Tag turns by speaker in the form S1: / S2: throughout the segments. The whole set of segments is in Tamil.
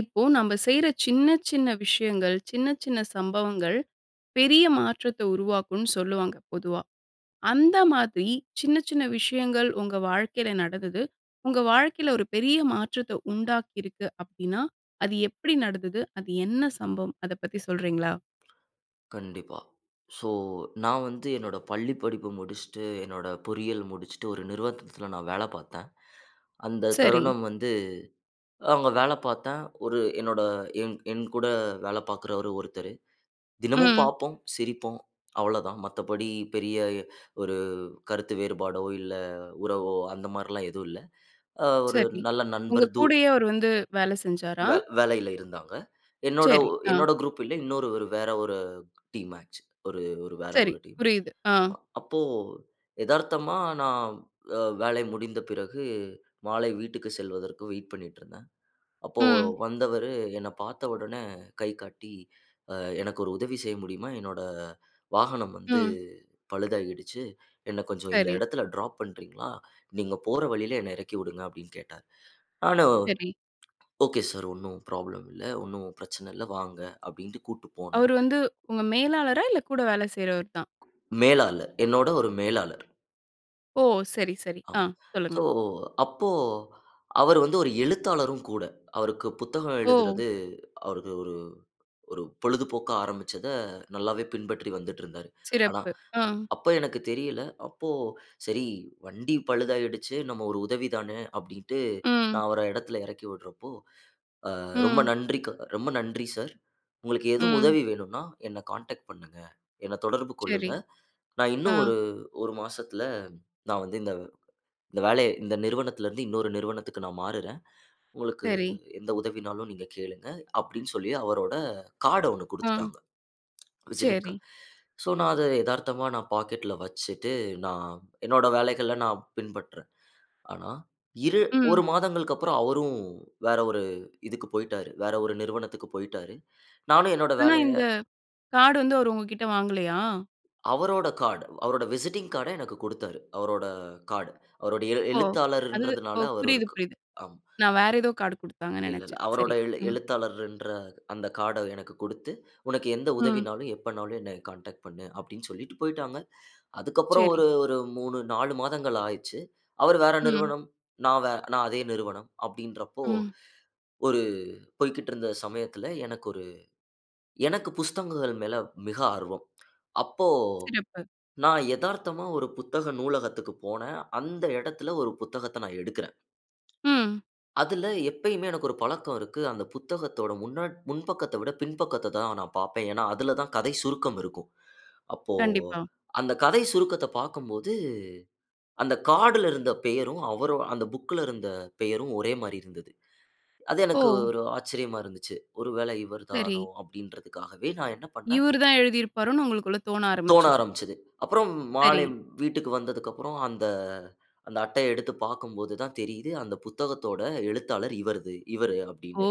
S1: இப்போ நம்ம செய்யற சின்ன சின்ன விஷயங்கள், சின்ன சின்ன சம்பவங்கள், பெரிய மாற்றத்த உருவாக்கும் சொல்லுவாங்க பொதுவா, அந்த மாதிரி சின்ன சின்ன விஷயங்கள் உங்க வாழ்க்கையில நடந்தது, உங்க வாழ்க்கையில ஒரு பெரிய மாற்றத்த உண்டாக்கி இருக்கு அப்டின்னா, அது எப்டி நடந்தது? அது என்ன சம்பவம்? அத பத்தி சொல்றீங்களா?
S2: கண்டிப்பா, ஸோ நான் வந்து, என்னோட பள்ளி படிப்பு முடிச்சுட்டு என்னோட பொறியியல் முடிச்சுட்டு, ஒரு நிறுவனத்தில நான் வேலை பாத்தேன். அந்த
S1: சரி.
S2: தருணம் வந்து, அங்க வேல பாத்தேன். ஒரு என்னோட, என் என் கூட வேல பாக்கறவரு ஒருத்தரு, தினமும்
S1: ம்.
S2: பாப்போம், சிரிப்போம் அவ்ளோதான். மத்தபடி பெரிய, ஒரு கருத்து வேறுபாடோ, இல்ல உறவோ, அந்த மாரிலாம் எதுவும் இல்ல, அ ஒரு
S1: சரி,
S2: நல்ல
S1: உங்க
S2: நண்பர். தூ
S1: கூடயே அவரு வந்து வேல செஞ்சாரா?
S2: வே வேலையில இருந்தாங்க. என்னோட
S1: சரி, அ.
S2: என்னோட குரூப் இல்ல, இன்னொரு வேற ஒரு, டீம் மேட்ச். ஒரு-ஒரு வேற
S1: சரி,
S2: ஒரு, டீம்.
S1: புரியுது. ஆ.
S2: அப்போ, எதார்த்தமா நான் வேல முடிந்த பிறகு, மாலை வீட்டுக்கு செல்வதற்கு வெயிட் பண்ணிட்டுருந்தேன். அப்போ
S1: ம்.
S2: வந்தவரு என்ன பாத்த உடனே கை காட்டி, அ "எனக்கு ஒரு உதவி செய்ய முடியுமா? என்னோட வாகனம் வந்து
S1: ம்.
S2: பழுதாகிடுச்சு, என்ன கொஞ்சம் இந்த
S1: சரி.
S2: இடத்துல டிராப் பண்றீங்களா? நீங்க போற வழியில என்ன இறக்கி விடுங்க", அப்டின்னு கேட்டாரு. நானும்,
S1: சரி.
S2: "ஓகே சார், ஒண்ணும் ப்ராப்ளம் இல்ல. ஒண்ணும் பிரச்சன இல்ல வாங்க", அப்டின்ட்டு கூட்டு போனேன்.
S1: அவரு வந்து உங்க மேலாளரா? இல்ல கூட வேல செய்றவரு தான்.
S2: மேலாளர், என்னோட ஒரு மேலாளர்.
S1: ஓ! சரி, சரி. ஆ
S2: ஆம்.
S1: சொல்லுங்க.
S2: சோ, அப்போ அவரு வந்து ஒரு எழுத்தாளரும் கூட. அவருக்கு புத்தகம்
S1: ஓ!
S2: எழுதுறது அவருக்கு ஒரு ஒரு பொழுதுபோக்கா ஆரம்பிச்சத நல்லாவே பின்பற்றி வந்துட்டிருந்தாரு. ஆனா
S1: சிறப்பு. ஆ.
S2: அப் அப்ப எனக்கு தெரியல. அப்போ சரி வண்டி பழுதாகிடுச்சு, நம்ம ஒரு உதவி தான அப்படின்னுட்டு
S1: ம்.
S2: நான் அவர இடத்துல இறக்கி விட்றப்போ, அ ரொம்ப
S1: ம்.
S2: நன்றி க ரொம்ப நன்றி சார். உங்களுக்கு எதுவும்
S1: ம்.
S2: உதவி வேணும்னா, என்ன கான்டாக்ட் பண்ணுங்க. என்ன தொடர்பு
S1: சரி,
S2: கொள்ளுங்க. நான் இன்னும்
S1: ஆ.
S2: ஒரு 1 மாசத்துல நான் வந்து இந்த வ் இந்த வேலைய இந்த நிறுவனத்துல இருந்து இன்னொரு நிறுவனத்துக்கு நான் மாறுறேன். உங்களுக்கு
S1: சரி.
S2: எந்த உதவினாலும் நீங்க கேளுங்க, அப்படின்னு சொல்லி அவரோட கார்ட் ஒண்ணு
S1: ஆ.
S2: குடுத்துட்டாங்க. விசிட்டிங்
S1: சரி.
S2: கார்ட் சோ, நான் அத எதார்த்தமா நான் பாக்கெட்ல வச்சிட்டு நான் என்னோட வேலைகள நான் பின்பற்றறேன். ஆனா, இரு 1
S1: ம்.
S2: மாதங்களுக்கப்புறம் அவரும் வேற ஒரு இதுக்கு போய்ட்டாரு. வேற ஒரு நிறுவனத்துக்கு போய்ட்டாரு. நானும் என்னோட
S1: ஆனா,
S2: வேலைய
S1: இந்த கார்டு வந்து அவர் உங்ககிட்ட வாங்கலையா?
S2: அவரோட கார்டு அவரோட விசிட்டிங் கார்டு எனக்கு கொடுத்தாரு. அவரோட கார்ட் அவருடைய
S1: ஓ! அது
S2: எழுத்தாளர்ன்றதுனால
S1: ஓ
S2: அவர் ஒரு
S1: புரியுது,
S2: க
S1: புரியுது.
S2: அம்.
S1: நான் வேற ஏதோ கார்டு குடுத்தாங்கன்னு
S2: இல்ல, இல்ல.
S1: நினைச்சேன்.
S2: அவரோட
S1: சரி,
S2: எழு
S1: ம்.
S2: எழுத்தாளர்ன்ற அந்த கார்ட எனக்கு குடுத்து உனக்கு எந்த
S1: ம்.
S2: உதவினாலும் எப்பனாலும் என்னை கான்டாக்ட் பண்ணு அப்படின்னு சொல்லிட்டு போய்ட்டாங்க. அதுக்கப்புறம்
S1: சரி.
S2: ஒரு ஒரு 3, 4 மாதங்கள் ஆயிருச்சு. அவர் வேற
S1: ம்.
S2: நிறுவனம், நான் வே அதே நிறுவனம் அப்படின்றப்போ,
S1: ம்.
S2: ஒரு போய்க்கிட்டு இருந்த சமயத்துல, எனக்கு ஒரு எனக்கு புஸ்தகங்கள் மேல மிக ஆர்வம். அப்போ
S1: சிறப்பு.
S2: நான் எதார்த்தமா ஒரு புத்தக நூலகத்துக்கு போனேன். அந்த இடத்தில ஒரு புத்தகத்த நான் எடுக்கறேன்.
S1: ம்.
S2: அதுல எப்பயுமே எனக்கு ஒரு பழக்கம் இருக்கு. அந்த புத்தகத்தோட முன்ன முன்பக்கத்த விட பின்பக்கத்த தான் நான் பார்ப்பேன். ஏன்னா, அதுல தான் கதை சுருக்கம் இருக்கும். அப்போ
S1: கண்டிப்பா.
S2: அந்த கதை சுருக்கத்தைப் பார்க்கும்போது அந்த கார்ட்ல இருந்த பெயரும் அவரு அந்த புக்ல இருந்த பெயரும் ஒரே மாரி இருந்தது. அது எனக்கு
S1: ஓ!
S2: ஒரு ஆச்சரியமா இருந்துச்சு. ஒரு வேளை இவர் தானோ
S1: சரி.
S2: அப்படின்றதுக்காகவே நான் என்ன பண்ணினேன்
S1: இவரு தான் எழுதிருப்பாருன்னு உங்களுக்குள்ள தோண
S2: தோண
S1: ஆரம்பிச்சது.
S2: ஆரம்பிச்சது. அப்புறம் மாலை
S1: சரி.
S2: வி வீட்டுக்கு வந்ததுக்கப்புறம் அந்த அட்டைய எடுத்து பார்க்கும்போது தான் தெரியுது அந்த புத்தகத்தோட எழுத்தாளர் இவரது இவரு
S1: ஓ!
S2: அப்படின்னு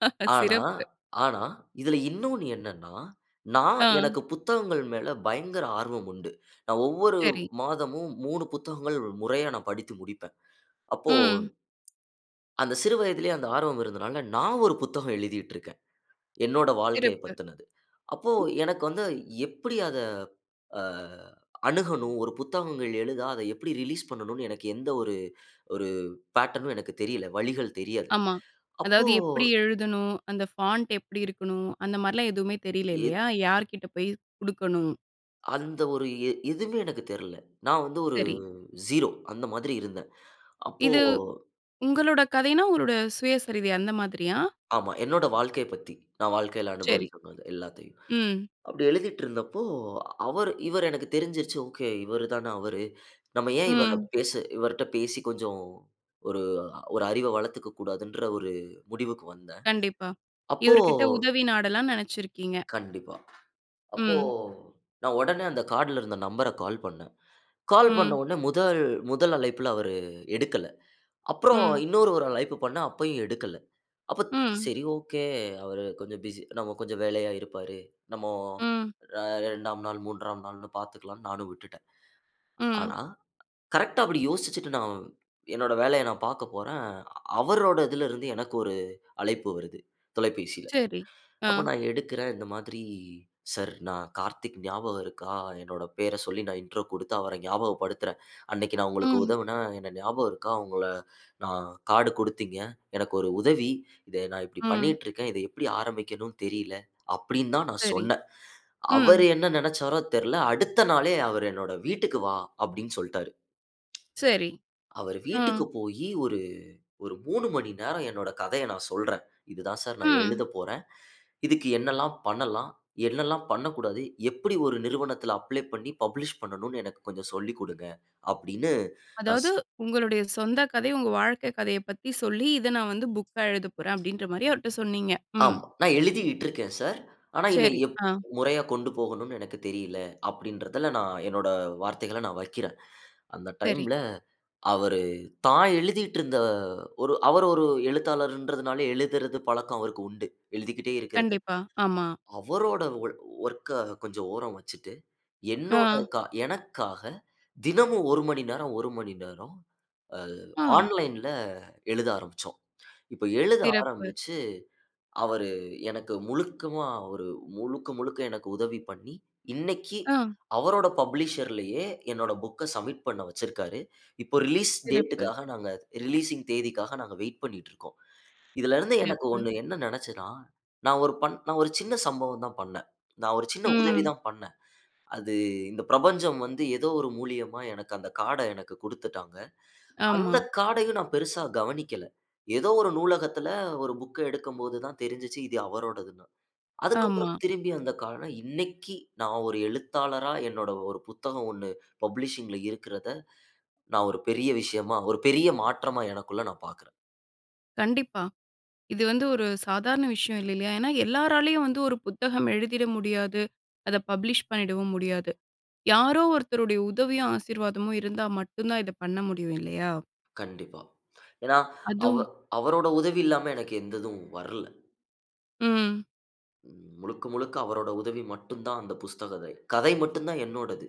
S2: ஆனா
S1: சிறப்பு.
S2: ஆனா இதில இன்னொன்னு என்னன்னா, நான்
S1: ஆ.
S2: எனக்கு புத்தகங்கள் மேல பயங்கர ஆர்வம் உண்டு. நான் ஒவ்வொரு
S1: சரி.
S2: மாதமும் 3 புத்தகங்கள் முறையா நான் படித்து முடிப்பேன். அப்போ
S1: ம்.
S2: அந்த சிறு வயதிலேயே அந்த ஆர்வம் இருந்ததுனால, நான் ஒரு புத்தகம் எழுதிட்டு இருக்கேன். என்னோட வாழ்க்கைய
S1: சிறப்பு.
S2: பத்தினது. அப்போ எனக்கு வந்து எப்படி அத அ அணுகணும் ஒரு புத்தகங்கள் எழுத அதை எப்படி ரிலீஸ் பண்ணனும்னு எனக்கு எந்த ஒரு ஒரு பேட்டர்னும் எனக்கு தெரியல. வழிகள் தெரியாது.
S1: ஆமா.
S2: அப்போ
S1: அதாவது எப்படி எழுதணும். அந்த ஃபாண்ட் எப்படி இருக்கணும் அந்த மாதிரிலாம் எதுவுமே தெரியல
S2: இத்
S1: இல்லையா யார்கிட்ட போய் குடுக்கணும்.
S2: அந்த ஒரு எ எதுவுமே எனக்கு தெர்ல. நான் வந்து ஒரு
S1: சரி.
S2: ஸீரோ அந்த மாதிரி இருந்தேன். அப்போ
S1: இது உங்களோட கதைன்னா, உங்களுடைய சுயசரிதை அந்த மாதிரியா?
S2: ஆமா, என்னோட வாழ்க்கைய பத்தி. நான் வாழ்க்கையில
S1: சரி,
S2: அனுபவிச்ச எல்லாத்தையும்.
S1: ம்.
S2: அப்படி எழுதிட்டு இருந்தப்போ அவரு இவரு எனக்கு தெரிஞ்சிருச்சு ஓகே, இவரு தான அவரு. நம்ம ஏன் இவர
S1: ம்.
S2: இவர்ட பேசி கொஞ்சம் ஒரு ஒரு அறிவ வளர்த்துக்க கூடாதுன்ற ஒரு முடிவுக்கு வந்தேன்.
S1: கண்டிப்பா.
S2: அப்போ
S1: இவரு கிட்ட உதவி நாடலாம்னு நினைச்சிருக்கீங்க.
S2: கண்டிப்பா. அப்போ
S1: ம்.
S2: நான் உடனே அந்த கார்ட்ல இருந்த நம்பர்ர கால் பண்ணேன். கால் பண்ண
S1: ம்.
S2: உடனே முதல் முதல் அழைப்புல அவரு எடுக்கல. அப்புறம்
S1: ம்.
S2: இன்னொரு ஒரு அழைப்பு பண்ணேன். அப்பயும் எடுக்கல. அப்போ
S1: ம்.
S2: சரி ஓகே, அவரு கொஞ்சம் பிசி கொஞ்சம் வேலையா இருப்பாரு. நம்ம
S1: ம்.
S2: 2வது நாள், 3ம் நாள் பாத்துக்கலாம் நானும் விட்டுட்டேன்.
S1: ம்.
S2: ஆனா, கரெக்ட்டா அப்படி யோசிச்சுட்டு நான் என்னோட வேலையை நான் பாக்க போறேன். அவரோட இதுல இருந்து எனக்கு ஒரு அழைப்பு வருது, தொலைபேசில.
S1: சரி, ஆ.
S2: அப்போ நான் எடுக்கறேன் இந்த மாதிரி "சார் நான் கார்த்திக் ஞாபகம் இருக்கா? என்னோட பேர சொல்லி நான் இன்ட்ரோ குடுத்து அவர ஞாபகப்படுத்துறேன். அன்னைக்கு நான் உங்களுக்கு
S1: ம்.
S2: உதவுனேன், எனக்கு ஞாபகம் இருக்கா? உங்கள நான் கார்ட் கொடுத்தீங்க. எனக்கு ஒரு உதவி. இதை நான் இப்படி
S1: ம்.
S2: பண்ணிட்டு இருக்கேன். இதை எப்படி ஆரம்பிக்கணும்னு தெரில. அப்படின்னு தான் நான்
S1: சரி,
S2: சொன்னேன்."
S1: ம்.
S2: அவரு என்ன நினைச்சாரோ தெர்ல. "அடுத்த நாளே அவர் என்னோட வீட்டுக்கு வா" அப்படின்னு சொல்லிட்டாரு.
S1: சரி,
S2: அவரு வீட்டுக்கு
S1: ஆ.
S2: போய் ஒரு 3 மணி நேரம் என்னுடைய கதைய நான் சொல்றேன். "இதுதான் சார் நான்
S1: அ.
S2: எழுதப் போறேன். இதுக்கு என்னெல்லாம் பண்ணலாம்? என்னெல்லாம் பண்ணக்கூடாது? எப்படி ஒரு நிறுவனத்தில அப்ளை பண்ணி பப்ளிஷ் பண்ணனும்ன்னு எனக்கு கொஞ்சம் சொல்லிக் கொடுங்க" அப்பிடின்னு. நான்
S1: அதாவது,
S2: சொன்
S1: உங்களுடைய சொந்த கதை, உங்க வாழ்க்கை கதையைப் பத்தி சொல்லி, இதை நான் வந்து புக்கா எழுத போறேன் அப்படின்ற மாதிரி அவர்ட்ட சொன்னீங்க. ம்.
S2: ஆமா, "நான் எழுதிகிட்டு இருக்கேன் சார். ஆனா இத
S1: சரி,
S2: எப்
S1: ஆ.
S2: முறையா கொண்டு போகணும்னு எனக்கு தெரியல." அப்படின்றதுல நான் என்னோட வார்த்தைகளை நான் வைக்கிறேன். அந்த
S1: சரி.
S2: டைம்ல "அவரு, தான் எழுதிட்டு இருந்த ஒரு அவரு ஒரு எழுத்தாளர்ன்றதுனால எழுதுறது பழக்கம் அவருக்கு உண்டு, எழுதிக்கிட்டே இருக்கிறது.
S1: கண்டிப்பா, ஆமா.
S2: அவரோட வொ வொர்க்க கொஞ்சம் ஓரம் வச்சுட்டு என்னோட
S1: ஆ.
S2: எனக்காக தினமும் 1 மணி நேரம், 1 மணி நேரம் அ
S1: அ.
S2: ஆன்லைன்ல எழுத ஆரம்பிச்சோம். இப்போ எழுத
S1: சிறப்பு.
S2: ஆரம்பிச்சு, அவரு எனக்கு முழுவதுமா ஒரு முழுக்க முழுக்க எனக்கு உதவி பண்ணி, இன்னைக்கு
S1: அ.
S2: அவரோட பப்ளிஷர் லயே என்னோட புக்க சப்மிட் பண்ண வச்சிருக்காரு." இப்போ ரிலீஸ் டேட்
S1: சிறப்பு.
S2: க்காக நாங்க ரிலீசிங் தேதிக்காக நாங்க வெயிட் பண்ணிட்டு இருக்கோம். இதுல இருந்து எனக்கு
S1: சிறப்பு.
S2: ஒண்ணு என்ன நினைச்சேன்னா, நான் ஒரு பண் ஒரு சின்ன சம்பவம் தான் பண்ணேன். நான் ஒரு சின்ன உதவி
S1: ம்.
S2: தான் பண்ணேன். அது இந்த பிரபஞ்சம் வந்து ஏதோ ஒரு மூலியமா எனக்கு அந்த கார்ட எனக்கு குடுத்துட்டாங்க.
S1: ஆமா.
S2: அந்த கார்டயும் நான் பெருசா கவனிக்கல. ஏதோ ஒரு நூலகத்துல ஒரு புக் எடுக்கம்போது தான் தெரிஞ்சுச்சு இது அவரோடதுன்னு. அதுக்கு அப்புறம்
S1: ஆமா.
S2: திரும்பி அந்த கார்ட இன்னைக்கு நான் ஒரு எழுத்தாளரா என்னோட ஒரு புத்தகம் ஒண்ணு பப்ளிஷிங் ல இருக்கறத நான் ஒரு பெரிய விஷயமா, ஒரு பெரிய மாற்றமா, எனக்குள்ள நான் பார்க்கறேன்.
S1: கண்டிப்பா. இது வந்து ஒரு சாதாரண விஷயம் இல்லலயா? ஏனா, எல்லாராலயும் வந்து ஒரு புத்தகம் எழுதிற முடியாது. அத பப்ளிஷ் பண்ணிடவும் முடியாது. யாரோ ஒருத்தருடைய உதவியும், ஆசீர்வாதமும் இருந்தா மட்டுந்தான், இத பண்ண முடியும். இல்லையா?
S2: கண்டிப்பா. ஏனா, அவ
S1: அதும்.
S2: அவரோட உதவி இல்லாம, எனக்கு எந்ததும் வர்ல.
S1: ம்.
S2: ம், முழுக்க முழுக்க அவரோட உதவி மட்டுந்தான், அந்த புஸ்த கதை. கதை மட்டுந்தா என்னோடது.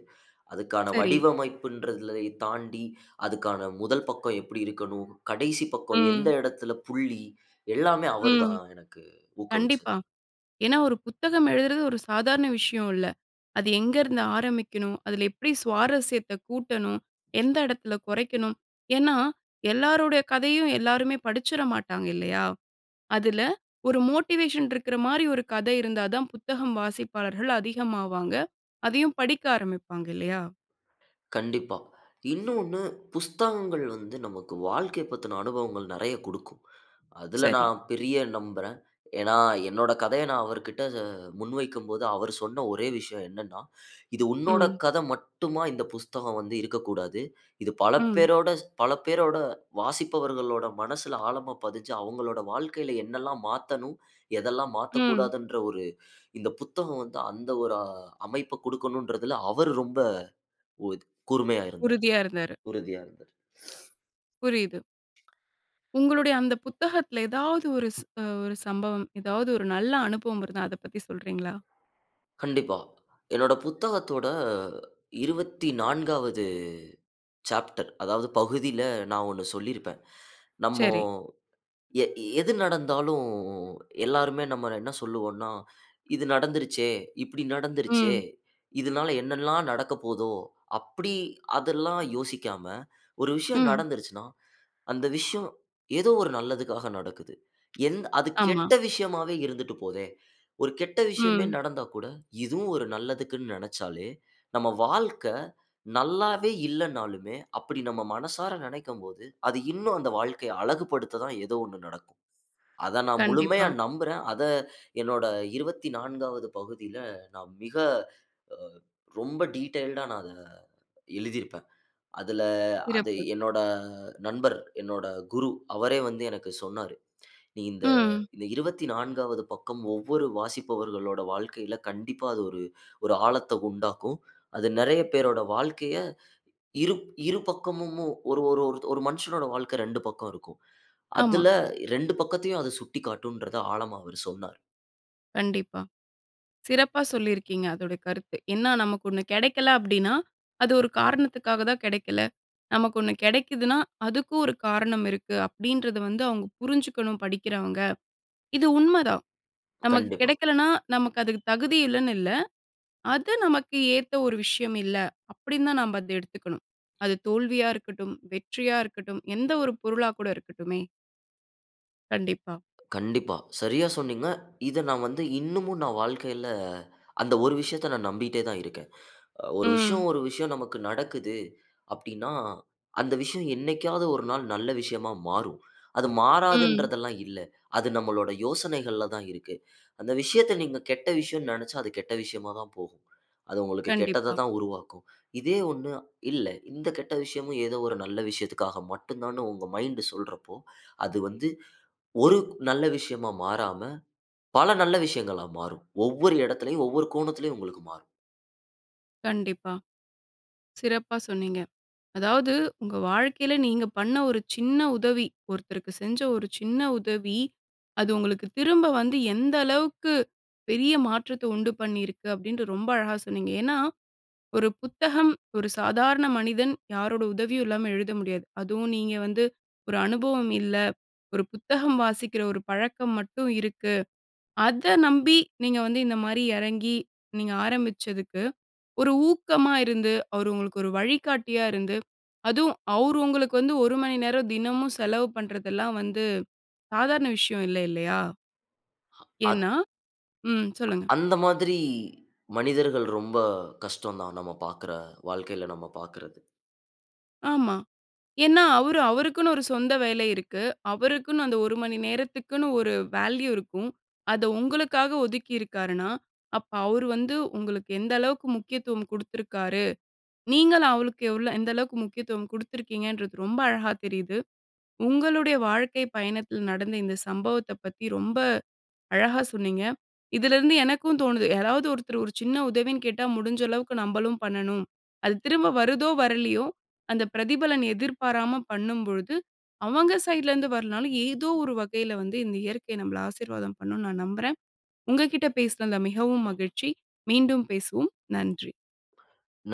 S2: அதுக்கான
S1: சரி.
S2: வடிவமைப்புன்றததுளை தாண்டி, அதுக்கான முதல் பக்க எப்டி இருக்கணும்? கடைசி பக்கோ எந்த
S1: ம்.
S2: இடத்துல புள்ளி? எல்லாமே
S1: ம்.
S2: அவருதான், எனக்கு ஊக்குவிச்சது.
S1: கண்டிப்பா. ஏனா ஒரு புத்தகம் எழுதுறது, ஒரு சாதாரண விஷய இல்ல. அது எங்கருந்து ஆரம்பிக்கணும்? அதுல எப்டி சுவாரஸ்யத்த கூட்டணும், எந்த இடத்துல கொறைக்கணும். ஏன்னா, எல்லாருடைய கதையும் எல்லாருமே படிச்சிட மாட்டாங்க, இல்லையா? அதுல, ஒரு மோட்டிவேஷன் இருக்குற மாரி, ஒரு கத இருந்தாதா, புத்தகம் வாசிப்பாளர்கள் அதிகமாவாங்க. அதையும் படிக்க ஆரம்பிப்பாங்க, இல்லையா?
S2: கண்டிப்பா. இன்னொன்னு புத்தகங்கள் வந்து நமக்கு, வாழ்க்கை பத்தின அனுபவங்கள் நெறய கொடுக்கும். அதுல
S1: சரி.
S2: நான் பெரிய நம்புறேன். ஏனா, என்னோட கதைய நான் அவர்கிட்ட அ, முன்வைக்கும்போது, அவரு சொன்ன ஒரே விஷய என்னனா, இது உன்னோட
S1: ம்.
S2: கத மட்டுமா, இந்த புத்தகம் வந்து இருக்கக்கூடாது. இது பல
S1: ம்.
S2: பேரோட, பல பேரோட வாசிப்பவர்களோட மனசுல ஆழமா பதிஞ்சு, அவங்களோட வாழ்க்கையில என்னல்லா மாத்தணும், எதெல்லாம்
S1: ம்.
S2: மாத்தக்கூடாதுன்ற ஒரு, இந்த புத்தகம் வந்து அந்த ஒரு, அ அமைப்ப கொடுக்கணுன்றதுல, அவரு ரொம்ப உறு கூர்மையா இருந்தாரு.
S1: உறுதியா இருந்தாரு.
S2: உறுதியா இருந்தாரு.
S1: புரியுது. உங்களுடைய அந்த புத்தகத்துல எதாவது ஒரு ச அ ஒரு சம்பவம், ஏதாவது ஒரு நல்ல அனுபவம் இருந்தா, அத பத்தி சொல்றீங்களா?
S2: கண்டிப்பா. என்னோட புத்தகத்தோட 24வது சாப்டர். அதாவது பகுதில, நான் 1 சொல்லியிருப்பேன் நம்ம
S1: சரி.
S2: எ எது நடந்தாலும், எல்லாருமே நம்மள என்ன சொல்லுவோனா, இது நடந்துருச்சே! இப்டி நடந்துருச்சே!
S1: ம்.
S2: இதனால என்னெல்லாம் நடக்க போதோ? அப்டி அதெல்லாம் யோசிக்காம, ஒரு விஷயம்
S1: ம்.
S2: நடந்துருச்சுனா, அந்த விஷயம் ஏதோ ஒரு நல்லதுக்காக நடக்குது. என் அது
S1: ஆமா.
S2: கெட்ட விஷயமாவே இருந்துட்டு போதே. ஒரு கெட்ட விஷயமே
S1: ம்.
S2: நடந்தா கூட, இதுவும் ஒரு நல்லதுக்குன்னு நெனைச்சாலே, நம்ம வாழ்க்க நல்லாவே இல்லனாலுமே, அப்டி நம்ம மனசார நினைக்கும் போது, அது இன்னும் அந்த வாழ்க்கைய அழகுபடுத்ததா ஏதோ 1 நடக்கும். அத நான் முழுமையா
S1: கண்டிப்பா.
S2: நம்புறேன். அத என்னோட 24வது பகுதியில, நான் மிக, அ ரொம்ப டீட்டெயில் டா, நான் அத எழுதியிருப்பேன். அதுல, அத
S1: சிறப்பு.
S2: என்னோட நண்பர், என்னோட குரு. அவரே வந்து எனக்கு சொன்னாரு. நீ இந்த,
S1: ம்.
S2: இந்த 24வது பக்கம் ஒவ்வொரு வாசிப்பவர்களோட வாழ்க்கையில, கண்டிப்பா அது ஒரு, ஒரு ஆழத்த உண்டாக்கும். அது நெறய பேரோட வாழ்க்கைய, இரு, இரு பக்கமும். ஒரு, ஒரு, ஒரு ஒரு மனுஷனோட வாழ்க்க 2 பக்கம் இருக்கும்.
S1: ஆமா.
S2: அதுல 2 பக்கத்தையும் சுட்டிக்காட்டுன்றத ஆழமா, அவரு சொன்னார்.
S1: கண்டிப்பா. சிறப்பா சொல்லியிருக்கீங்க அதோட கருத்து. என்னன்னா நமக்கு ஒண்ணு கெடைக்கல அப்டினா அது ஒரு காரணத்துக்காக தான் கெடைக்கல. நமக்கு ஒண்ணு கெடைக்குதுன்னா அதுக்கும் ஒரு காரணம் இருக்கு அப்டின்றத வந்து அவங்க புரிஞ்சுக்கணும் படிக்கிறவங்க. இது உண்மதான் நமக்கு
S2: கண்டிப்பா.
S1: கெடைக்கலனா நமக்கு அதுக்கு தகுதி இல்லன்னு இல்ல. அது நமக்கு ஏத்த ஒரு விஷயம் இல்ல. அப்டின்னு தான் நம்ப அத எடுத்துக்கணும் அது தோல்வியா இருக்கட்டும், வெற்றியா இருக்கட்டும் எந்த ஒரு பொருளா கூட இருக்கட்டுமே. கண்டிப்பா.
S2: கண்டிப்பா. சரியா சொன்னீங்க. இத நான் வந்து இன்னுமும் நான் வாழ்க்கையில அந்த ஒரு விஷயத்த நான் நம்பிட்டே தான் இருக்கேன். அ ஒரு விஷயம்,
S1: ம்.
S2: ஒரு விஷயம் நமக்கு நடக்குது அப்டின்னா அந்த விஷயம் என்னைக்காவது 1 நாள் நல்ல விஷயமா மாறும். அது
S1: ம்.
S2: மாறாதுன்றதுல்லாம் இல்ல. அது நம்மளோட யோசனைகள் தான் இருக்கு. அந்த விஷயத்த நீங்க கெட்ட விஷயன் நெனைச்சா அது கெட்ட விஷயமா தான் போகும். அது உங்களுக்கு கெட்டத
S1: கண்டிப்பா.
S2: தான் உருவாக்கும். இதே ஒண்ணு இல்ல இந்த கெட்ட விஷயமும் ஏதோ ஒரு நல்ல விஷயத்துக்காக மட்டும் தானு உங்க மைண்ட் சொல்றப்போ அது வந்து 1 நல்ல விஷயமா மாறாம பல நல்ல விஷயங்களா மாறும். ஒவ்வொரு இடத்திலும் ஒவ்வொரு கோணத்திலும் உங்களுக்கு மாறும்.
S1: கண்டிப்பா. சிறப்பா சொன்னீங்க. அதாவது உங்க வாழ்க்கையில நீங்க பண்ண ஒரு சின்ன உதவி, ஒருத்தருக்கு செஞ்ச ஒரு சின்ன உதவி, அது உங்களுக்கு திரும்ப வந்து எந்த அளவுக்கு பெரிய மாற்றத்த உண்டு பண்ணியிருக்கு அப்பிடின்ட்டு ரொம்ப அழகா சொன்னீங்க. ஏன்னா, ஒரு புத்தகம் ஒரு சாதாரண மனிதன் யாரோட உதவியும் இல்லாம எழுத முடியாது. அதுவும் நீங்க வந்து ஒரு அனுபவம் இல்ல, ஒரு புத்தகம் வாசிக்கிற ஒரு பழக்கம் மட்டும் இருக்கு. அத நம்பி நீங்க வந்து இந்த மாரி இறங்கி, நீங்க ஆரம்பிச்சதுக்கு ஒரு ஊக்கமா இருந்து அவரு உங்களுக்கு ஒரு வழிகாட்டியா இருந்து, அதுவும் அவரு உங்களுக்கு வந்து ஒரு மணி நேரம் தினமும் செலவு பண்ணுறதெல்லாம் வந்து சாதாரண விஷயம் இல்ல இல்லயா
S2: அத்
S1: ஏனா, ம் சொல்லுங்க.
S2: அந்த மாதிரி மனிதர்கள் ரொம்ப கஷ்டம் தான் நம்ம பாக்குற வாழ்க்கையில நம்ம பாக்குறது.
S1: ஆமா. ஏன்னா அவரு, அவருக்குன்னு ஒரு சொந்த வேலை இருக்கு. அவருக்குன்னு அந்த ஒரு மணி நேரத்துக்குன்னு ஒரு வேல்யூ இருக்கும். அத உங்களுக்காக ஒதுக்கியிருக்காருன்னா, அப்ப அவரு வந்து உங்களுக்கு எந்த அளவுக்கு முக்கியத்துவம் குடுத்துருக்காரு. நீங்கள் அவருக்கு எவ்ளோ எந்த அளவுக்கு முக்கியத்துவம் குடுத்துருக்கீங்கன்றது ரொம்ப அழகா தெரியிது. உங்களுடைய வாழ்க்கை பயணத்தில் நடந்த இந்த சம்பவத்த பத்தி ரொம்ப அழகா சொன்னீங்க. இதுலேருந்து எனக்கும் தோணுது, யாராவது ஒருத்தர் ஒரு சின்ன உதவின்னு கேட்டா முடிஞ்ச அளவுக்கு நம்மளும் பண்ணணும். அது திரும்ப வருதோ! வரலயோ! அந்த பிரதிபலன் எதிர்பாராம பண்ணும்பொழுது, அவங்க சைட்லருந்து வரலனாலும், ஏதோ ஒரு வகையில வந்து இந்த இயற்கை நம்மள ஆசீர்வாதம் பண்ணும் நான் நம்புறேன். உங்கக்கிட்ட பேசுன அந்த மிகவும் மகிழ்ச்சி மீண்டும் பேசுவோம். நன்றி.
S2: [unintelligible]